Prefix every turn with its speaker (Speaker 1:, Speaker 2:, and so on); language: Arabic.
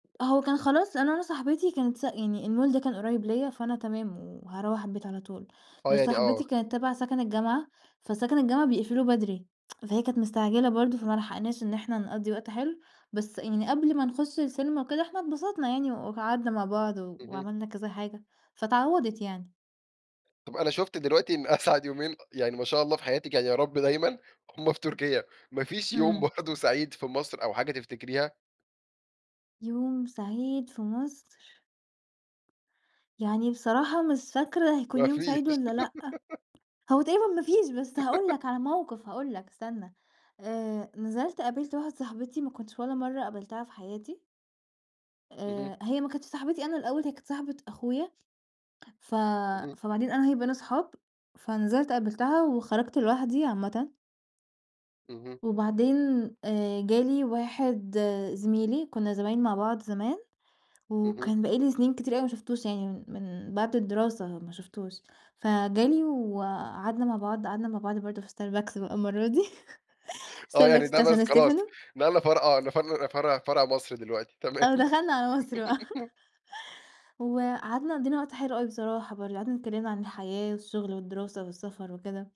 Speaker 1: هو كان خلاص، لان أنا صاحبتي كانت س يعني المول ده كان قريب ليّا، فأنا تمام وهاروّح البيت على طول،
Speaker 2: آه،
Speaker 1: بس
Speaker 2: يعني آه.
Speaker 1: صاحبتي كانت تبع سكن الجامعة، فسكن الجامعة بيقفلوه بدري، فهي كانت مستعجلة برضو فما لحقناش إن إحنا نقضي وقت حلو. بس يعني قبل ما نخش السينما وكده إحنا اتبسطنا يعني وقعدنا مع بعض و
Speaker 2: اهم.
Speaker 1: وعملنا كذا حاجة، فاتعوّضِت يعني.
Speaker 2: طَب أنا شُفت دلوقتي إن أسعد يومين يعني- ما شاء الله- في حياتِك، يعني يارب دايمًا هُم في تركيا، ما فيش يوم
Speaker 1: إمم.
Speaker 2: برضو سعيد في مصر أو حاجة تفتكريها؟
Speaker 1: يوم سعيد في مصر. يعني بصراحة مش فاكرة هيكون
Speaker 2: ما
Speaker 1: يوم
Speaker 2: فيش.
Speaker 1: سعيد والّا لأ، هو تقريبًا ما فيش، بس هقول لَك على موقف، هقول لَك استنّى، آآ، نزلت قابلت واحدة صاحبتي ما كنتش ولا مرة قابلتها في حياتي.
Speaker 2: اهم.
Speaker 1: آآ، هي ما كانتش صاحبتي أنا الأول، هي كانت صاحبة أخويا، ف
Speaker 2: اهم.
Speaker 1: فبعدين أنا وهي بقينا أصحاب، فنزلت قبلتها وخرجت لوحدي عامةً.
Speaker 2: اهم.
Speaker 1: وبعدين آآ، جالي واحد زميلي، كنا زمايل مع بعض زمان،
Speaker 2: اهم.
Speaker 1: وكان بقى لي سنين كتير أوي ما شُفتوش يعني من من بعد الدراسة ما شُفتوش، فجه لي وقعدنا مع بعض، قعدنا مع بعض برضو في ستاربكس بقي المرة دي،
Speaker 2: آه، يعني
Speaker 1: ستاربكس
Speaker 2: ده
Speaker 1: بتاع
Speaker 2: بس
Speaker 1: سان
Speaker 2: خلاص،
Speaker 1: ستيفانو.
Speaker 2: نقلنا فرع آه، نفر فرع فرع مصر دلوقتي، تمام.
Speaker 1: أهو دخلنا على مصر بقى، وقعدنا قضينا وقت حلو أوي بصراحة برضو، قعدنا اتكلمنا عن الحياة والشغل والدراسة والسفر وكده.